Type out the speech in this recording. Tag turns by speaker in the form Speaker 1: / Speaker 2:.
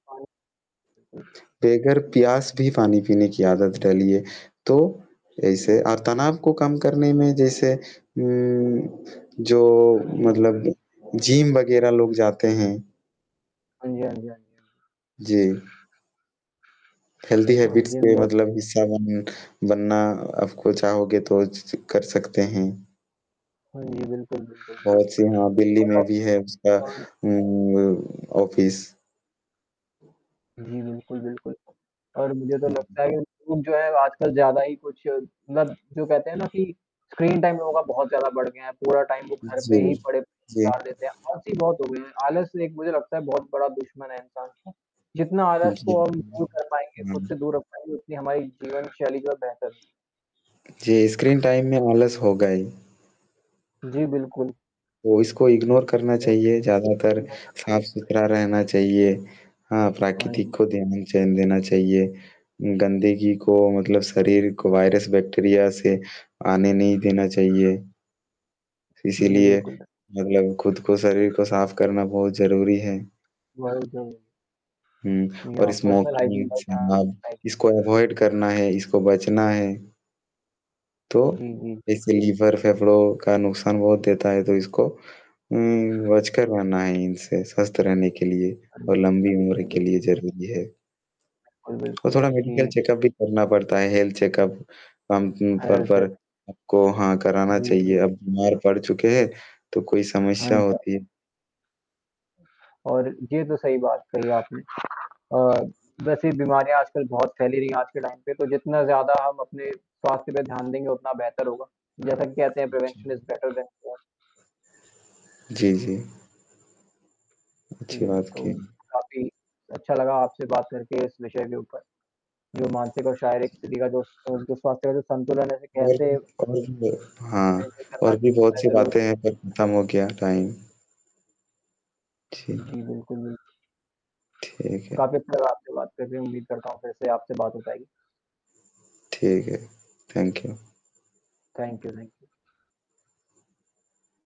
Speaker 1: हाँ।
Speaker 2: बगैर प्यास भी पानी पीने की आदत डालिए, तो ऐसे अ, तनाव को कम करने में जैसे उम, जो
Speaker 1: जी।
Speaker 2: मतलब जिम वगैरह लोग जाते हैं।
Speaker 1: हाँ जी, हाँ जी, हाँ जी।
Speaker 2: जी। हेल्दी
Speaker 1: हाँ
Speaker 2: हैबिट्स
Speaker 1: जी, हम
Speaker 2: के
Speaker 1: तो
Speaker 2: मतलब हिस्सा बन बनना आपको चाहोगे तो ज कर सकते हैं।
Speaker 1: हाँ जी, बिल्कुल, बिल्कुल, बिल्कुल।
Speaker 2: बहुत-सी हाँ, दिल्ली
Speaker 1: और
Speaker 2: में भी है उसका
Speaker 1: अब
Speaker 2: उम, ऑफिस।
Speaker 1: जी, बिल्कुल, बिल्कुल और मुझे तो
Speaker 2: जी।
Speaker 1: लगता है कि उन जो है आजकल ज़्यादा ही कुछ मतलब जो कहते हैं ना कि स्क्रीन टाइम लोगों का बहुत ज़्यादा बढ़ गया है। पूरा टाइम वो घर
Speaker 2: जी।
Speaker 1: पे ही पड़े
Speaker 2: जी।
Speaker 1: गुजार देते हैं, हर चीज़ बहुत हो गई हैं। आलस एक मुझे लगता है बहुत बड़ा दुश्मन है इंसान का जितना आलस
Speaker 2: जी।
Speaker 1: को हम दूर कर पाएँगे खुद से
Speaker 2: हुँ।
Speaker 1: दूर रख पाएँगे उतनी हमारी जीवनशैली जो है बेहतर
Speaker 2: जी, स्क्रीन टाइम में आलस होगा ही।
Speaker 1: जी, बिल्कुल।
Speaker 2: तो इसको इग्नोर करना
Speaker 1: ओह!
Speaker 2: चाहिए। ज़्यादातर साफ़-सुथरा
Speaker 1: [unintelligible]
Speaker 2: रहना चाहिए हाँ,
Speaker 1: हाँ
Speaker 2: प्राकृतिक को
Speaker 1: जी।
Speaker 2: ध्यान देना चाहिए। गंदगी को मतलब शरीर को वायरस, बैक्टीरिया से आने नहीं देना चाहिए।
Speaker 1: जी,
Speaker 2: इसीलिए,
Speaker 1: बिल्कुल।
Speaker 2: मतलब खुद को, शरीर को साफ़ करना बहुत ज़रूरी है।
Speaker 1: [unintelligible] है।
Speaker 2: हुँ,
Speaker 1: जी
Speaker 2: और
Speaker 1: हाँ पर्सनलाइज़िंग
Speaker 2: स्मोकिंग, शराब
Speaker 1: [unintelligible]
Speaker 2: इसको अवॉइड करना है, इसको बचना है। तो
Speaker 1: जी, जी।
Speaker 2: जैसे लिवर फेफड़ों का नुकसान बहुत देता है तो इसको। हुँ, बचकर रहना है इनसे स्वस्थ रहने के लिए
Speaker 1: हाँ
Speaker 2: और लंबी उम्र
Speaker 1: जी,
Speaker 2: के
Speaker 1: बिल
Speaker 2: लिए ज़रूरी है।
Speaker 1: बिल्कुल,
Speaker 2: और
Speaker 1: बिल्कुल।
Speaker 2: थोड़ा मेडिकल
Speaker 1: जी।
Speaker 2: चेकअप भी करना पड़ता है हेल्थ चेकअप, टाइम पर
Speaker 1: अच्छा।
Speaker 2: पर। आपको हाँ, कराना
Speaker 1: जी, जी,
Speaker 2: चाहिए अब
Speaker 1: जी।
Speaker 2: बीमार पड़ चुके हैं तो कोई
Speaker 1: हाँ
Speaker 2: समस्या
Speaker 1: जी, हाँ जी।
Speaker 2: होती है।
Speaker 1: और ये तो सही बात कही आपने। अ, वैसे ये बीमारियाँ आजकल बहुत फैल रही हैं आज के टाइम पे तो जितना ज़्यादा हम अपने स्वास्थ्य पे ध्यान देंगे उतना बेहतर होगा। जैसे कि कहते हैं
Speaker 2: जी।
Speaker 1: Prevention is better than cure.
Speaker 2: जी, जी। अच्छी
Speaker 1: जी,
Speaker 2: बात
Speaker 1: तो
Speaker 2: कही।
Speaker 1: काफ़ी अच्छा लगा आपसे बात करके इस विषय के ऊपर, जो मानसिक और शारीरिक स्थिति का जो स जो स्वास्थ्य का जो संतुलन है उसे
Speaker 2: और
Speaker 1: कैसे
Speaker 2: और हाँ,
Speaker 1: ट्रीट करना
Speaker 2: और
Speaker 1: च
Speaker 2: भी
Speaker 1: चाहिए
Speaker 2: बहुत-सी
Speaker 1: ज़रूरी।
Speaker 2: बातें हैं पर खत्म हो गया टाइम। जी।
Speaker 1: जी, बिल्कुल, बिल्कुल।
Speaker 2: ठीक
Speaker 1: तो
Speaker 2: है।
Speaker 1: काफ़ी अच्छा लगा आपसे बात करके, उम्मीद करता हूँ फिर से आपसे बात हो पाएगी।
Speaker 2: ठीक है। Thank you.
Speaker 1: Thank you, thank you